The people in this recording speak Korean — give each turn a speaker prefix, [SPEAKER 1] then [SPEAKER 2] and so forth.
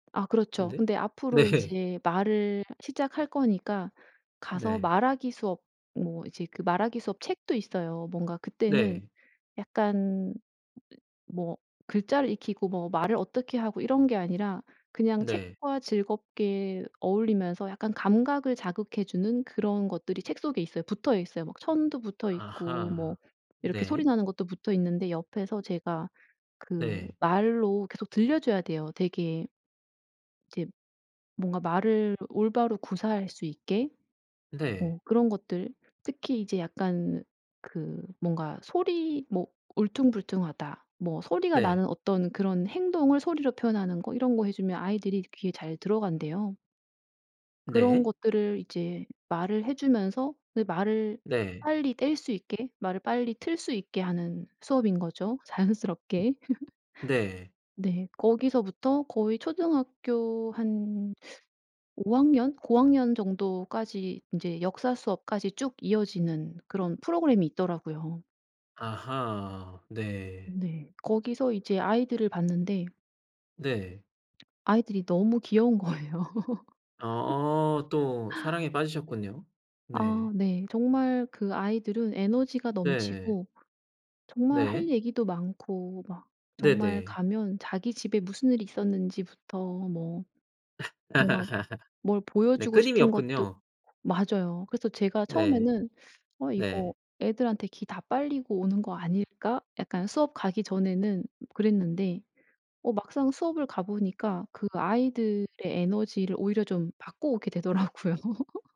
[SPEAKER 1] 아 그렇죠.
[SPEAKER 2] [unintelligible]
[SPEAKER 1] 근데 앞으로
[SPEAKER 2] 네.
[SPEAKER 1] 이제 말을 시작할 거니까 가서
[SPEAKER 2] 네.
[SPEAKER 1] 말하기 수업, 뭐 이제 그 말하기 수업 책도 있어요. 뭔가 그때는
[SPEAKER 2] 네.
[SPEAKER 1] 약간 뭐 글자를 익히고 뭐 말을 어떻게 하고 이런 게 아니라 그냥
[SPEAKER 2] 네.
[SPEAKER 1] 책과 즐겁게 어울리면서 약간 감각을 자극해 주는 그런 것들이 책 속에 있어요. 붙어있어요. 막 천도 붙어있고 뭐
[SPEAKER 2] 아하
[SPEAKER 1] 이렇게 소리
[SPEAKER 2] 네.
[SPEAKER 1] 나는 것도 붙어 있는데 옆에서 제가 그
[SPEAKER 2] 네.
[SPEAKER 1] 말로 계속 들려줘야 돼요. 되게 이제 뭔가 말을 올바로 구사할 수 있게.
[SPEAKER 2] 네.
[SPEAKER 1] 어 그런 것들 특히 이제 약간 그 뭔가 소리 뭐 울퉁불퉁하다 뭐 소리가
[SPEAKER 2] 네.
[SPEAKER 1] 나는 어떤 그런 행동을 소리로 표현하는 거 이런 거 해주면 아이들이 귀에 잘 들어간대요. 그런
[SPEAKER 2] 네.
[SPEAKER 1] 것들을 이제 말을 해주면서 그 말을
[SPEAKER 2] 네.
[SPEAKER 1] 빨리 뗄 수 있게 말을 빨리 틀 수 있게 하는 수업인 거죠. 자연스럽게.
[SPEAKER 2] 네.
[SPEAKER 1] 네, 거기서부터 거의 초등학교 한 5 학년, 고학년 정도까지 인제 역사 수업까지 쭉 이어지는 그런 프로그램이 있더라고요.
[SPEAKER 2] 아하 네.
[SPEAKER 1] 네. 거기서 이제 아이들을 봤는데
[SPEAKER 2] 네.
[SPEAKER 1] 아이들이 너무 귀여운 거예요.
[SPEAKER 2] 아 또 사랑에 빠지셨군요. 네.
[SPEAKER 1] 아 네 정말 그 아이들은 에너지가
[SPEAKER 2] 네.
[SPEAKER 1] 넘치고 정말 할
[SPEAKER 2] 네.
[SPEAKER 1] 얘기도 많고 막 정말
[SPEAKER 2] 네네.
[SPEAKER 1] 가면 자기 집에 무슨 일이 있었는지부터 뭐 뭔가 뭘
[SPEAKER 2] 네,
[SPEAKER 1] 보여주고
[SPEAKER 2] 끊임이
[SPEAKER 1] 싶은 것도
[SPEAKER 2] 없군요.
[SPEAKER 1] 맞아요. 그래서 제가
[SPEAKER 2] 네
[SPEAKER 1] 처음에는 '어 이거
[SPEAKER 2] 네.
[SPEAKER 1] 애들한테 기 다 빨리고 오는 거 아닐까?' 약간 수업 가기 전에는 그랬는데 어 막상 수업을 가보니까 그 아이들의 에너지를 오히려 좀 받고 오게 되더라고요.